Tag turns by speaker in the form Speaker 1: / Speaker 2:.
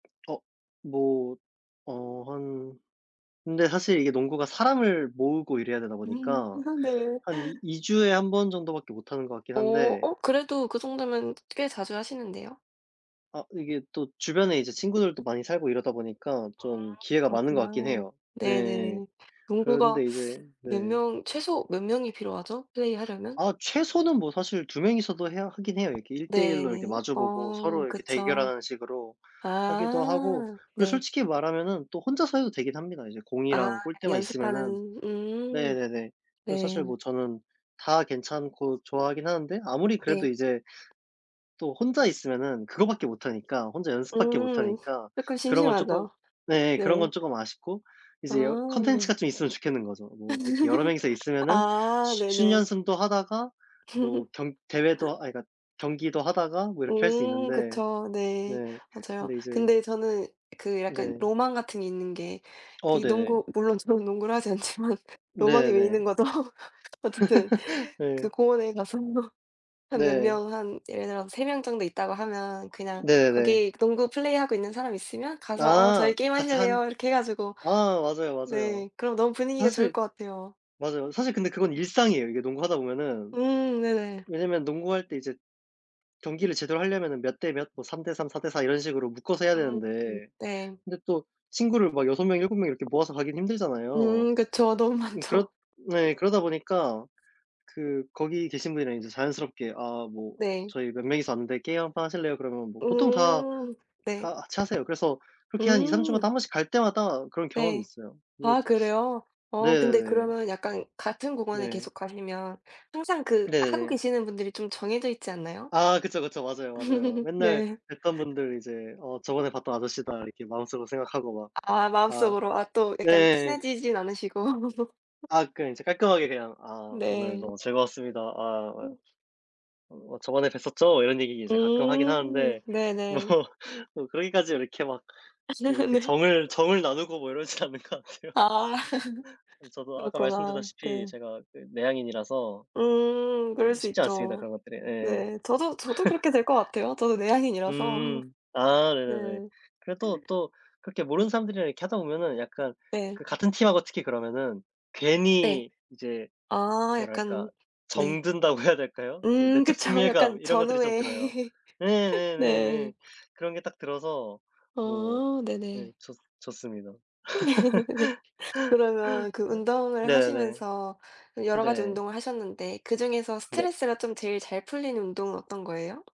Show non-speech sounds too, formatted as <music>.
Speaker 1: 어. 뭐 어 한 근데 사실 이게 농구가 사람을 모으고 이래야 되다
Speaker 2: 음.
Speaker 1: 보니까
Speaker 2: <laughs> 네.
Speaker 1: 한 이 2 주에 1 번 정도밖에 못 하는 것 같긴
Speaker 2: 어.
Speaker 1: 한데
Speaker 2: 어 그래도 그 정도면 꽤 자주 하시는데요.
Speaker 1: 아. 이게 또 주변에 이제 친구들도 많이 살고 이러다 보니까
Speaker 2: 아.
Speaker 1: 좀 기회가 많은 것 같긴
Speaker 2: 그렇구나.
Speaker 1: 해요. 네.
Speaker 2: 네네. 농구가
Speaker 1: 그런데 이제 네.
Speaker 2: 몇 명 최소 몇 명이 필요하죠? 플레이하려면?
Speaker 1: 아. 최소는 뭐 사실 2 명이서도 해야 하긴 해요. 이렇게 1 대 1
Speaker 2: 네.
Speaker 1: 로 이렇게 마주 보고
Speaker 2: 어.
Speaker 1: 서로 이렇게
Speaker 2: 그쵸.
Speaker 1: 대결하는 식으로 하기도 하고
Speaker 2: 아.
Speaker 1: 그리고
Speaker 2: 네.
Speaker 1: 솔직히 말하면은 또 혼자서 해도 되긴 합니다 이제
Speaker 2: 아.
Speaker 1: 공이랑 골대만 있으면은.
Speaker 2: 연습하는 음.
Speaker 1: 네네네. 그래서 사실
Speaker 2: 네.
Speaker 1: 뭐 저는 다 괜찮고 좋아하긴 하는데 아무리 그래도
Speaker 2: 네.
Speaker 1: 이제 또 혼자 있으면은 그거밖에 못 하니까 혼자 연습밖에 못
Speaker 2: 음.
Speaker 1: 하니까
Speaker 2: 쪼끔
Speaker 1: 그런 건 쪼끔
Speaker 2: 심심하죠.
Speaker 1: 네 예
Speaker 2: 네.
Speaker 1: 그런 건 조금 아쉽고
Speaker 2: 아
Speaker 1: 이제 여
Speaker 2: 네.
Speaker 1: 콘텐츠가 좀 있으면 좋겠는 거죠. 뭐 이렇게 여러 명이서
Speaker 2: <laughs>
Speaker 1: 있으면은
Speaker 2: 아.
Speaker 1: 쉬 슛
Speaker 2: 네네.
Speaker 1: 연습도 하다가 뭐 경 대회도 아 그러니까
Speaker 2: <laughs>
Speaker 1: 경기도 하다가 뭐 이렇게 할 수
Speaker 2: 음.
Speaker 1: 있는데
Speaker 2: 그쵸. 네.
Speaker 1: 네.
Speaker 2: 맞아요.
Speaker 1: 근데 이제
Speaker 2: 근데 저는 그 약간
Speaker 1: 네.
Speaker 2: 로망 같은 게 있는 게
Speaker 1: 어
Speaker 2: 그게
Speaker 1: 네.
Speaker 2: 농구 물론 저는 농구를 하지 않지만 로망이
Speaker 1: 네
Speaker 2: 왜
Speaker 1: 네.
Speaker 2: 있는 거죠? 어쨌든
Speaker 1: <laughs>
Speaker 2: 그
Speaker 1: 네.
Speaker 2: 공원에 가서 한 몇
Speaker 1: 네.
Speaker 2: 명 한 예를 들어서 3 명 정도 있다고 하면 그냥
Speaker 1: 네네.
Speaker 2: 거기 농구 플레이하고 있는 사람 있으면 가서 "어
Speaker 1: 아.
Speaker 2: 저희 게임
Speaker 1: 같이 한
Speaker 2: 하실래요?" 이렇게 해 가지고
Speaker 1: 아 맞아요, 맞아요.
Speaker 2: 네 그러면 너무 분위기가 좋을
Speaker 1: 사실
Speaker 2: 것 같아요.
Speaker 1: 맞아요. 사실 근데 그건 일상이에요 이게 농구하다 보면은.
Speaker 2: 음 네네.
Speaker 1: 왜냐면 농구할 때 이제 경기를 제대로 하려면은 몇 대 몇 뭐 3 대 3, 4 대 4 이런 식으로 묶어서 해야
Speaker 2: 음음
Speaker 1: 되는데
Speaker 2: 네.
Speaker 1: 근데 또 친구를 막 6 명, 7 명 이렇게 모아서 하긴 힘들잖아요.
Speaker 2: 음. 그쵸 너무
Speaker 1: 음 그렇
Speaker 2: 많죠.
Speaker 1: 네 그러다 보니까 그 거기 계신 분이랑 인제 자연스럽게 "아 뭐
Speaker 2: 네.
Speaker 1: 저희 몇 명이서 왔는데 게임 한판 하실래요?" 그러면 뭐 보통 다
Speaker 2: 음. 네.
Speaker 1: 다 같이 하세요. 그래서 그렇게 한 2, 3
Speaker 2: 음.
Speaker 1: 주마다 1 번씩 갈 때마다 그런 경험이
Speaker 2: 네.
Speaker 1: 있어요. 뭐
Speaker 2: 아 그래요? 어 근데
Speaker 1: 네네.
Speaker 2: 그러면은 약간 같은 공원에
Speaker 1: 네.
Speaker 2: 계속 가시면 항상 그 하고
Speaker 1: 네네.
Speaker 2: 계시는 분들이 좀 정해져 있지 않나요?
Speaker 1: 아. 그쵸, 그쵸. 맞아요, 맞아요.
Speaker 2: <laughs>
Speaker 1: 맨날
Speaker 2: 네.
Speaker 1: 뵀던
Speaker 2: <laughs>
Speaker 1: 분들 이제 '어 저번에 봤던 아저씨다.' 이렇게 마음속으로 생각하고 막
Speaker 2: 아 아
Speaker 1: 아
Speaker 2: 마음속으로 아 또 약간
Speaker 1: 네.
Speaker 2: 친해지진 않으시고 <laughs>
Speaker 1: 아. 그러니까 이제 깔끔하게 그냥 "아 오늘
Speaker 2: 네.
Speaker 1: 너무 즐거웠습니다. 아
Speaker 2: 음.
Speaker 1: 어 뭐 저번에 뵀었죠?" 이런 얘기 이제 가끔 하긴
Speaker 2: 음.
Speaker 1: 하는데 뭐
Speaker 2: 네네.
Speaker 1: 뭐 그러기까지 이렇게 막
Speaker 2: <laughs>
Speaker 1: 그렇게
Speaker 2: 네.
Speaker 1: 정을 정을 나누고 뭐 이러진 않는 것 같아요.
Speaker 2: 아.
Speaker 1: <laughs>
Speaker 2: <laughs>
Speaker 1: 저도 아까
Speaker 2: 그렇구나.
Speaker 1: 말씀드렸다시피
Speaker 2: 네.
Speaker 1: 제가 내 내향인이라서
Speaker 2: 음.
Speaker 1: 그
Speaker 2: 그럴 수
Speaker 1: 쉽지 않습니다
Speaker 2: 있죠.
Speaker 1: 그런 것들이. 예예.
Speaker 2: 네. 저도 저도
Speaker 1: <laughs>
Speaker 2: 그렇게 될 것 같아요. 저도 내향인이라서.
Speaker 1: 음. 아 네네네.
Speaker 2: 네.
Speaker 1: 그래도 또 그렇게 모르는 사람들이랑 이렇게 하다 보면은 약간
Speaker 2: 네.
Speaker 1: 그 같은 팀 하고 특히 그러면은
Speaker 2: 네.
Speaker 1: 괜히 이제
Speaker 2: 아
Speaker 1: 뭐랄까
Speaker 2: 약간 네.
Speaker 1: 정든다고 해야 될까요? 이제
Speaker 2: 음
Speaker 1: 내적
Speaker 2: 그쵸.
Speaker 1: 친밀감
Speaker 2: 약간
Speaker 1: 이런 것들이 좀
Speaker 2: 전우애.
Speaker 1: 들어요.
Speaker 2: <laughs> 네.
Speaker 1: 네네네네. 그런 게 딱 들어서 뭐
Speaker 2: 아.
Speaker 1: 예
Speaker 2: 네네.
Speaker 1: 좋 좋습니다.
Speaker 2: <laughs> 네. 그러면 그
Speaker 1: <laughs>
Speaker 2: 운동을
Speaker 1: 네네.
Speaker 2: 하시면서 여러 가지
Speaker 1: 네.
Speaker 2: 운동을 하셨는데 그중에서
Speaker 1: 네.
Speaker 2: 스트레스가 쫌 제일 잘 풀리는 운동은 어떤 거예요?